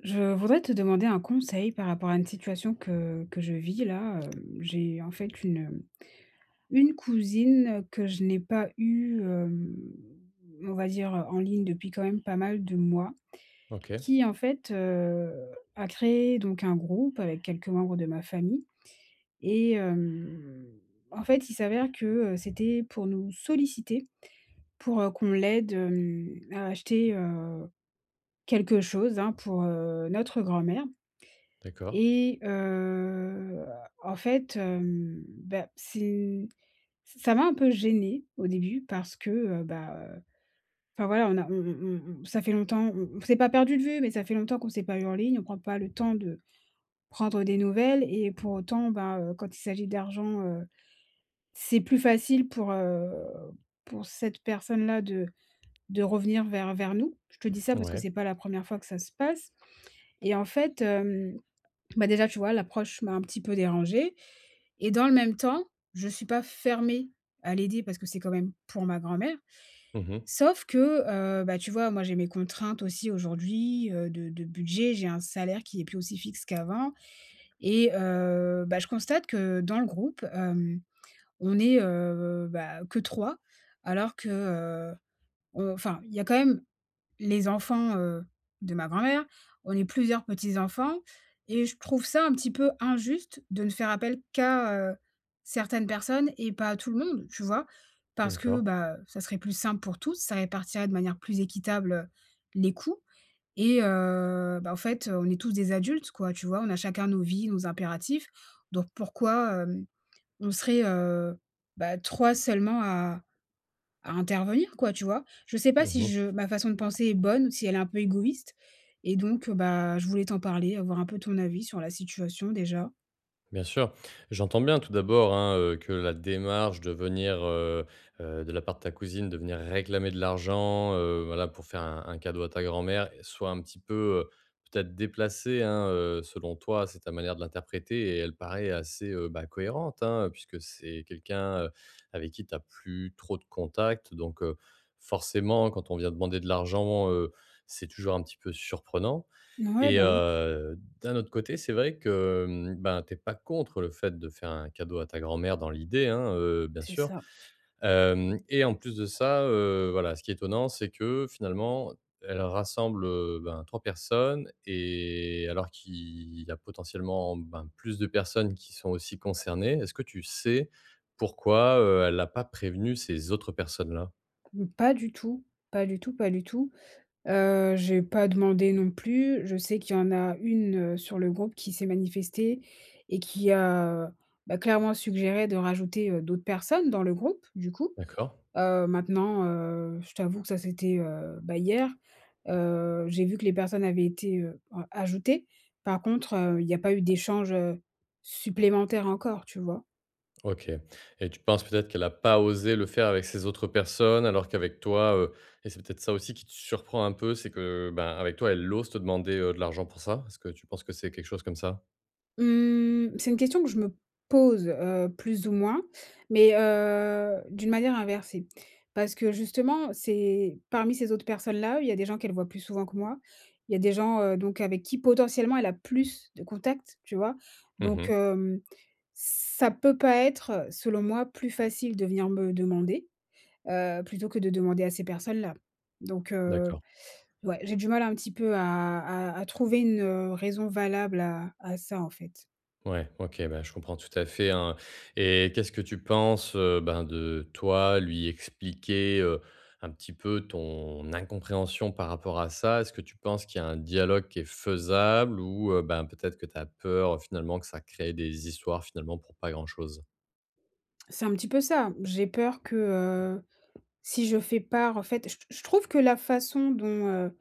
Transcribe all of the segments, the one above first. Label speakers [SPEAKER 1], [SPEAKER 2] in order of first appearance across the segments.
[SPEAKER 1] Je voudrais te demander un conseil par rapport à une situation que que je vis là, hem, j'ai, en fait, une, hem, une cousine que je n'ai pas eue, hem, on va dire, heu, en ligne, depuis quand même pas mal de mois
[SPEAKER 2] OK.
[SPEAKER 1] qui, en fait, heu, a créé donc un groupe avec quelques membres de ma famille et hem, en fait, il s'avère que, heu, c'était pour nous solliciter, pour, heu, qu'on l'aide, hem, à acheter, heu, quelque chose, hein, pour, heu, notre grand-mère
[SPEAKER 2] D’accord.
[SPEAKER 1] et heu, en fait, hem, bah, c'est ç ça m'a un peu gêné, au début, parce que, heu, bah enfin, voilà, on a on on on ça fait longtemps on on s'est pas perdu de vue mais ça fait longtemps qu'on s'est pas eu en ligne. On prend pas le temps de prendre des nouvelles et pour autant, ben, heu, quand il s'agit d'argent, heu, c'est plus facile pour, heu, pour cette personne-là de de revenir vers vers nous. Je te dis ça parce que
[SPEAKER 2] Ouais.
[SPEAKER 1] c’est pas la 1re fois que ça se passe, et en fait, hem, bah, déjà, tu vois, l'approche m'a un petit peu dérangée et dans le même temps, je suis pas fermée à l'aider parce que c'est quand même pour ma grand-mère
[SPEAKER 2] Mmh mh.
[SPEAKER 1] sauf que, heu, bah, tu vois, moi, j'ai mes contraintes aussi, aujourd'hui, heu, de de budget. J'ai un salaire qui est plus aussi fixe qu'avant et heu, bah, je constate que dans le groupe, hem, on est, heu, bah, que 3,, alors que, heu on enfin, il y a quand même les enfants, heu, de ma grand-mère. On est plusieurs petits enfants et je trouve ça un petit peu injuste de ne faire appel qu'à, heu, certaines personnes et pas à tout le monde, tu vois?
[SPEAKER 2] Mmh
[SPEAKER 1] Parce que,
[SPEAKER 2] d'accord.
[SPEAKER 1] bah, ça serait plus simple pour tous, ça répartirait de manière plus équitable les coûts et heu, bah, en fait, on est tous des adultes, quoi, tu vois? On a chacun nos vies, nos impératifs donc pourquoi, hem, on serait, heu, bah, 3 seulement à à intervenir, quoi, tu vois? Je sais pas
[SPEAKER 2] Mmh
[SPEAKER 1] si
[SPEAKER 2] mh.
[SPEAKER 1] je ma façon de penser est bonne ou si elle est un peu égoïste et donc, heu, bah, je voulais t'en parler, avoir un peu ton avis sur la situation, déjà.
[SPEAKER 2] Bien sûr. J'entends bien, tout d'abord, hein, heu, que la démarche de venir, heu heu, de la part de ta cousine de venir réclamer de l'argent, heu, voilà, pour faire un un cadeau à ta grand-mère soit un petit peu, heu, peut-être déplacée, hein, heu, selon toi. C'est ta manière de l'interpréter et elle paraît assez, heu, bah, cohérente, hein, puisque c'est quelqu'un, heu, avec qui tu as plus trop de contacts donc, heu, forcément, quand on vient demander de l'argent, heu, c'est toujours un petit peu surprenant.
[SPEAKER 1] Mouais.
[SPEAKER 2] Et
[SPEAKER 1] Bah, oui.
[SPEAKER 2] heu, d'un autre côté, c'est vrai que, hem, ben, tu es pas contre le fait de faire un cadeau à ta grand-mère- dans l'idée hein- heu, bien
[SPEAKER 1] C’est
[SPEAKER 2] sûr,
[SPEAKER 1] ça.
[SPEAKER 2] hem et en plus de ça, heu, voilà, ce qui est étonnant, c'est que, finalement, elle rassemble, heu, ben, 3 personnes et alors qu'il y a potentiellement, ben, plus de personnes qui sont aussi concernées. Est-ce que tu sais, pourquoi, heu, elle a pas prévenu ces autres personnes-là?
[SPEAKER 1] Mmh, pas du tout, pas du tout, pas du tout. Heu, j’ai pas demandé non plus. Je sais qu'il y en a 1 heu, sur le groupe qui s'est manifestée et qui a, bah, clairement suggéré de rajouter, heu, d'autres personnes dans le groupe, du coup.
[SPEAKER 2] D'accord.
[SPEAKER 1] Heu, maintenant, heu, je t'avoue que ça c'était, heu, bah, hier, heu, j'ai vu que les personnes avaient été, heu, a ajoutées. Par contre, heu, il y a pas eu d'échanges, heu, supplémentaires encore, tu vois?
[SPEAKER 2] OK. Et tu penses, peut-être, qu'elle a pas osé le faire avec ces autres personnes alors qu'avec toi, heu- et c'est peut-être ça aussi qui te surprend un peu- c'est que, ben, avec toi, elle ose te demander, heu, de l'argent pour ça. Est-ce que tu penses que c'est quelque chose comme ça?
[SPEAKER 1] Mmh, c'est une question que je me pose heu, plus ou moins mais heu, d'une manière inversée, parce que justement, c'est parmi ces autres personnes-là où il y a des gens qu'elles voient plus souvent que moi, il y a des gens, heu, donc avec qui potentiellement elle a plus de contacts, tu vois?
[SPEAKER 2] Mmh
[SPEAKER 1] Donc
[SPEAKER 2] mh.
[SPEAKER 1] hem, ça peut pas être- selon moi- plus facile de venir me demander, heu, plutôt que de demander à ces personnes-là. Donc heu,
[SPEAKER 2] D'accord.
[SPEAKER 1] ouais, j'ai du mal un petit peu à à à trouver une heu, raison valable à à ça, en fait.
[SPEAKER 2] Ouais, OK, bah, je comprends tout à fait, hein. Et qu'est-ce que tu penses, heu, ben, de, toi, lui expliquer, heu, un petit peu ton incompréhension par rapport à ça? Est-ce que tu penses qu'il y a un dialogue qui est faisable ou heu, ben, peut-être que tu as peur finalement que ça crée des histoires finalement pour pas grand-chose?
[SPEAKER 1] C'est un petit peu ça. J'ai peur que, heu, si je fais part en fait, je t je trouve que la façon dont, heu,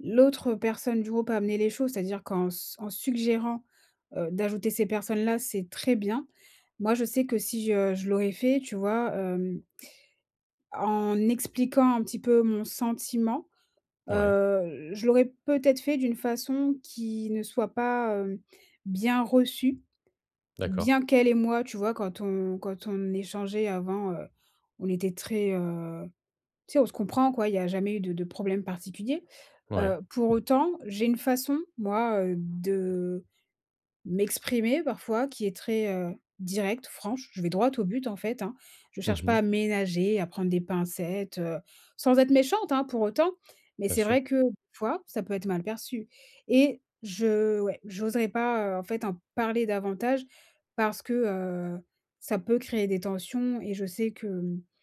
[SPEAKER 1] l'autre personne du groupe a amené les choses, c'est-à-dire qu'en s en suggérant, heu, d'ajouter ces personnes-là, c'est très bien. Moi, je sais que si je je l'aurais fait, tu vois? Hem en expliquant un petit peu mon sentiment,
[SPEAKER 2] Ouais.
[SPEAKER 1] heu, je l'aurais peut-être fait d'une façon qui ne soit pas, heu, bien reçue.
[SPEAKER 2] D'accord.
[SPEAKER 1] Bien qu'elle et moi, tu vois? Quand on quand on échangeait avant, heu, on était très, heu tu sais, on se comprend, quoi. Il y a jamais eu de de problèmes particuliers.
[SPEAKER 2] Ouais.
[SPEAKER 1] Heu, pour autant, j'ai une façon, moi, heu, de m'exprimer parfois, qui est très, heu, directe, franche. Je vais droit au but, en fait, hein. Je
[SPEAKER 2] Mmh
[SPEAKER 1] cherche pas
[SPEAKER 2] mh.
[SPEAKER 1] à ménager, à prendre des pincettes, heu, sans être méchante, hein, pour autant, mais
[SPEAKER 2] Bien
[SPEAKER 1] c'est
[SPEAKER 2] sûr.
[SPEAKER 1] vrai que p fois, ça peut être mal perçu, et je ouais, j'oserais pas, heu, en fait, en parler davantage parce que, heu, ça peut créer des tensions, et je sais qu'avec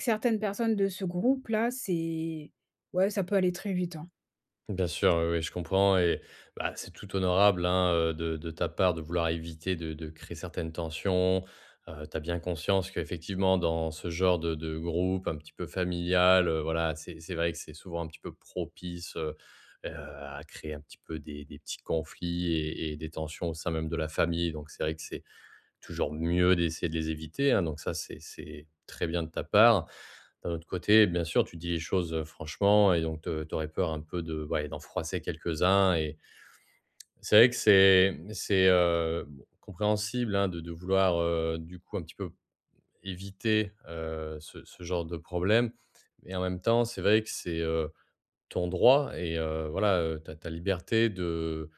[SPEAKER 1] certaines personnes de ce groupe-là, c'est ouais, ça peut aller très vite, hein.
[SPEAKER 2] Bien sûr, oui, oui, je comprends et bah c'est tout honorable hein, heu, de de ta part de vouloir éviter de de créer certaines tensions. Heu, tu as bien conscience qu'effectivement dans ce genre de de groupe un petit peu familial, heu, voilà, c'est c'est vrai que c'est souvent un petit peu propice, heu heu, à créer un petit peu des des petits conflits et et des tensions au sein même de la famille, donc c'est vrai que c'est toujours mieux d'essayer de les éviter, hein, donc ça, c'est c'est très bien de ta part. D'un autre côté, bien sûr, tu dis les choses, heu, franchement et donc heu, tu aurais peur un peu de ouais, d'en froisser quelques-uns et c'est vrai que c'est, mmh, c'est, heu, bon compréhensible, hein, de de vouloir, heu, du coup un petit peu éviter, heu, ce ce genre de problème et en même temps, c'est vrai que c'est, heu, ton droit et heu, voilà, heu, ta ta liberté de,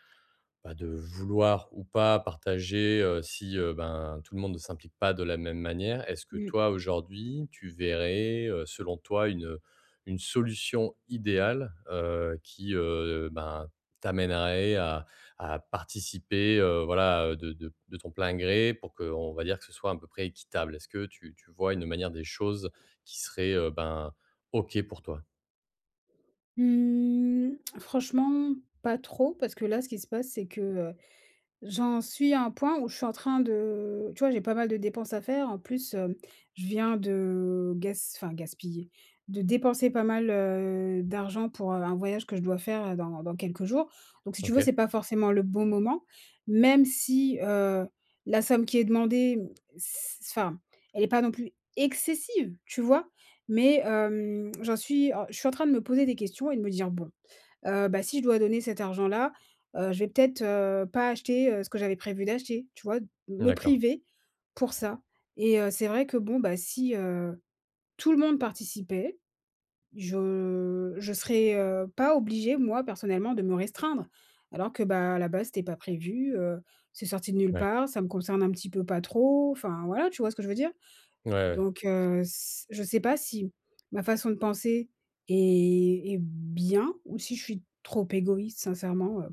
[SPEAKER 2] bah, de vouloir ou pas partager, heu, si, heu, ben tout le monde ne s'implique pas de la même manière. Est-ce que
[SPEAKER 1] Mmh.
[SPEAKER 2] toi aujourd'hui, tu verrais, heu, selon toi une une solution idéale, heu, qui, heu, ben, t'amènerait à à participer, heu, voilà, heu, de de de ton plein gré pour qu'on va dire que ce soit à peu près équitable? Est-ce que tu tu vois une manière des choses qui serait, heu, ben, OK pour toi?
[SPEAKER 1] Mmh, franchement, pas trop parce que là, ce qui se passe c'est que, heu, j'en suis à un point où je suis en train de tu vois, j'ai pas mal de dépenses à faire en plus, hem, je viens de gas enfin gaspiller, de dépenser pas mal, heu, d'argent pour, heu, un voyage que je dois faire, heu, dans dans quelques jours, donc si tu veux
[SPEAKER 2] OK.
[SPEAKER 1] c'est pas forcément le bon moment même si, heu, la somme qui est demandée, m c enfin elle est pas non plus excessive, tu vois? Mais hem, j'en suis alors je suis en train de me poser des questions et de me dire: «Bon, heu, bah si je dois donner cet argent-là, heu, je vais peut-être, heu, pas acheter, heu, ce que j'avais prévu d'acheter». Tu vois? De me
[SPEAKER 2] D'accord.
[SPEAKER 1] priver pour ça et heu, c'est vrai que bon bah si, heu, tout le monde participait, je je serais, heu, pas obligée, moi, personnellement, de me restreindre alors que, bah, à la base, c'était pas prévu, heu, c'est sorti de nulle
[SPEAKER 2] Ouais.
[SPEAKER 1] part. Ça me concerne un petit peu pas trop. Enfin voilà, tu vois ce que je veux dire?
[SPEAKER 2] Ouais, ouais.
[SPEAKER 1] Donc heu, c je sais pas si ma façon de penser est est bien ou si je suis trop égoïste sincèrement, heu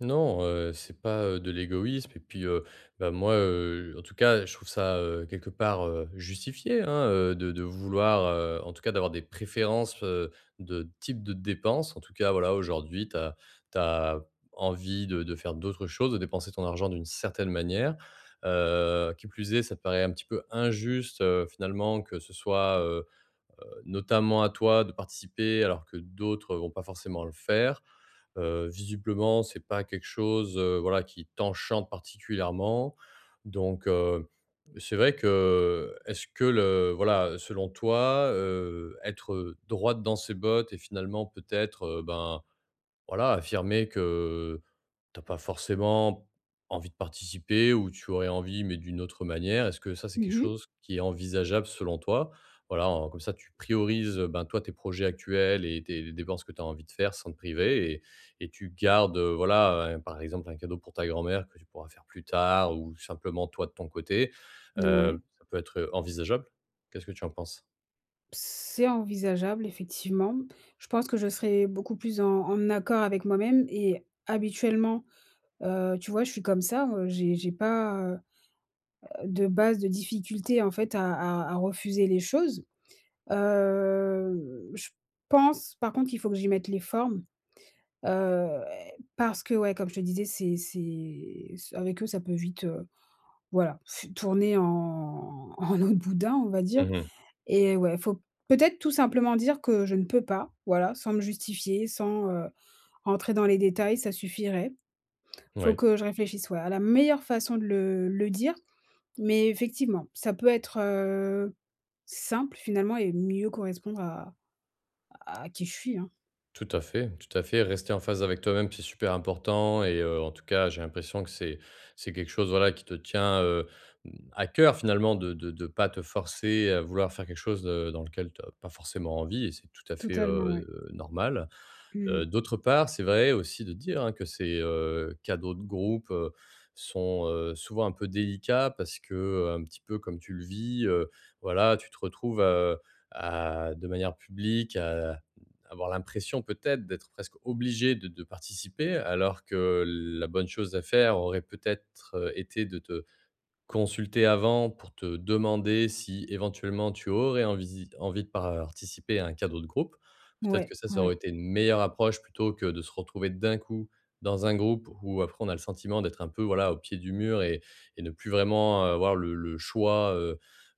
[SPEAKER 2] Non, heu, c'est pas, heu, de l'égoïsme et puis, heu, ben, moi, heu en tout cas, je trouve ça, heu, quelque part, heu, justifié, hein, heu, de de vouloir heu en tout cas, d'avoir des préférences, heu, de type de dépenses, en tout cas, voilà. Aujourd'hui tu as tu as envie de de faire d'autres choses, de dépenser ton argent d'une certaine manière, heu, qui plus est, ça te paraît un petit peu injuste, heu, finalement, que ce soit, heu heu, notamment à toi de participer, alors que d'autres vont pas forcément le faire. Heu, visiblement c'est pas quelque chose, heu, voilà, qui t'enchante particulièrement, donc heu, c'est vrai que, est-ce que le voilà, selon toi, heu, être, heu, droite dans ses bottes et finalement peut-être, heu, ben, voilà, affirmer que tu as pas forcément envie de participer ou tu aurais envie, mais d'une autre manière, est-ce que ça, c'est quelque
[SPEAKER 1] Mmh mh.
[SPEAKER 2] chose qui est envisageable selon toi? Voilà, heu, comme ça tu priorises, ben, toi, tes projets actuels et tes dépenses que tu as envie de faire sans te priver et et tu gardes, heu, voilà, heu, par exemple, un cadeau pour ta grand-mère que tu pourras faire plus tard ou simplement toi de ton côté,
[SPEAKER 1] N ouais.
[SPEAKER 2] heu, ça peut être envisageable. Qu'est-ce que tu en penses?
[SPEAKER 1] C'est envisageable, effectivement. Je pense que je serai beaucoup plus en en accord avec moi-même et habituellement, heu, tu vois? Je suis comme ça, heu, j'ai j'ai pas, heu heu, de base, de difficultés en fait, à à à refuser les choses. Hem, je pense, par contre, qu'il faut que j'y mette les formes, heu, parce que ouais, comme je te disais, c'est c'est ç avec eux, ça peut vite, heu, voilà. Tourner en en eau de boudin, on va dire,
[SPEAKER 2] Mmh mh.
[SPEAKER 1] et ouais, faut peut-être tout simplement dire que je ne peux pas, voilà, sans me justifier, sans, heu, rentrer dans les détails, ça suffirait. Faut
[SPEAKER 2] Ouais.
[SPEAKER 1] que je réfléchisse, ouais, à la meilleure façon de le le dire, mais effectivement, ça peut être, heu, simple finalement et mieux correspondre à à qui je suis, hein.
[SPEAKER 2] Tout à fait, tout à fait, rester en phase avec toi-même, c'est super important et heu, en tout cas, j'ai l'impression que c'est c'est quelque chose, voilà, qui te tient, heu, mmh, à cœur, finalement, de de de pas te forcer à vouloir faire quelque chose de dans lequel tu as pas forcément envie et c'est tout à fait,
[SPEAKER 1] Totalement, ouais.
[SPEAKER 2] heu, normal. Heu,
[SPEAKER 1] Mmh.
[SPEAKER 2] d'autre part, c'est vrai aussi de dire, hein, que ces, heu, cadeaux de groupe, heu, sont, heu, souvent un peu délicats parce qu'un petit peu comme tu le vis, heu, voilà, tu te retrouves, heu, à de manière publique, à avoir l'impression peut-être d'être presque obligée de de participer, alors que la bonne chose à faire aurait peut-être, heu, été de te consulter avant pour te demander si, éventuellement, tu aurais envisi envie de participer à un cadeau de groupe. Peut-être
[SPEAKER 1] Ouais,
[SPEAKER 2] que ça, ça aurait
[SPEAKER 1] ouais.
[SPEAKER 2] été une meilleure approche, plutôt que de se retrouver d'un coup dans un groupe où après, on a le sentiment d'être un peu, voilà, au pied du mur et et ne plus vraiment avoir le le choix, heu,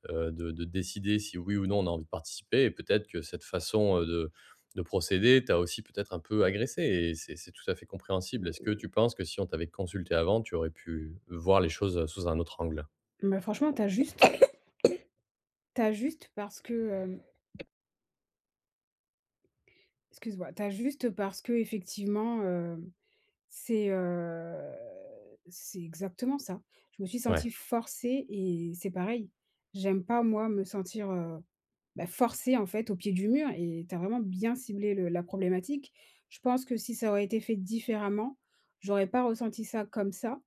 [SPEAKER 2] heu, de de décider si oui ou non, on a envie de participer et peut-être que cette façon, heu, de de procéder t'a aussi peut-être un peu agressée et c'est c'est tout à fait compréhensible. Est-ce que tu penses que si on t'avait consultée avant, tu aurais pu voir les choses, heu, sous un autre angle?
[SPEAKER 1] Bah franchement, tu as juste tu as juste parce que, hem excuse-moi, tu as juste, heu, parce que, effectivement, heu, c'est, heu, c'est exactement ça. Je me suis
[SPEAKER 2] Ouais.
[SPEAKER 1] sentie forcée et c'est pareil. J'aime pas, moi, me sentir, heu, bah, forcée, en fait, au pied du mur et tu as vraiment bien ciblé le la problématique. Je pense que si ça aurait été fait différemment, j'aurais pas ressenti ça comme ça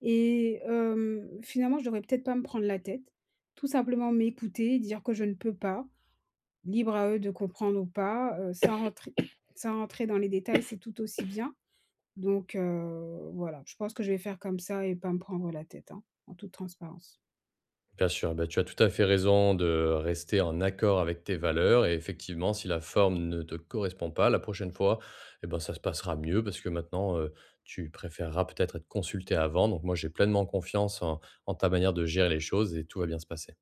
[SPEAKER 1] et hem, finalement, je devrais peut-être pas me prendre la tête, tout simplement m'écouter, dire que je ne peux pas. Libre à eux de comprendre ou pas, heu, sans rentrer sans rentrer dans les détails, c'est tout aussi bien. Donc, heu, voilà, je pense que je vais faire comme ça et pas me prendre la tête, hein, en toute transparence.
[SPEAKER 2] Bien sûr. Bah, tu as tout à fait raison de rester en accord avec tes valeurs et effectivement si la forme ne te correspond pas, la prochaine fois, eh ben, ça se passera mieux, parce que maintenant, heu, tu préféreras peut-être être consultée avant. Donc moi, j'ai pleinement confiance en en ta manière de gérer les choses, et tout va bien se passer.